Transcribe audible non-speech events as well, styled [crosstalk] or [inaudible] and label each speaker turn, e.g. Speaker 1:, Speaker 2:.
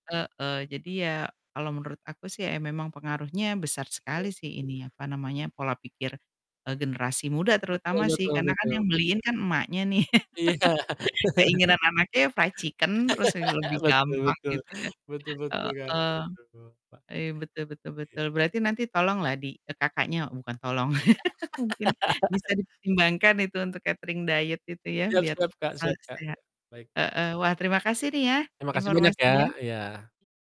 Speaker 1: Heeh. Jadi ya kalau menurut aku sih ya memang pengaruhnya besar
Speaker 2: Ya, ya. Hmm.
Speaker 1: sekali sih ini apa namanya, pola pikir, eee, generasi muda
Speaker 2: Betul
Speaker 1: terutama sih
Speaker 2: betul
Speaker 1: karena kan
Speaker 2: betul.
Speaker 1: yang beliin kan emaknya nih.
Speaker 2: Iya.
Speaker 1: [laughs]
Speaker 2: [laughs]
Speaker 1: Keinginan anaknya ya fried chicken terus, eee, lebih
Speaker 2: [laughs] Betul
Speaker 1: gampang
Speaker 2: betul.
Speaker 1: gitu ya.
Speaker 2: Betul betul Kak.
Speaker 1: Heeh,
Speaker 2: Betul, Kak.
Speaker 1: ya betul betul
Speaker 2: Iya.
Speaker 1: betul, berarti nanti tolonglah di eee, Kakaknya bukan tolong [laughs] mungkin bisa
Speaker 2: [laughs]
Speaker 1: dipertimbangkan itu untuk catering diet itu ya
Speaker 2: Siap
Speaker 1: biar
Speaker 2: siap Kak.
Speaker 1: selalu
Speaker 2: Siap Kak,
Speaker 1: sehat
Speaker 2: yok baik.
Speaker 1: heeh. Wah terima kasih nih ya
Speaker 2: Terima kasih banyak ya.
Speaker 1: informasinya.
Speaker 2: Iya.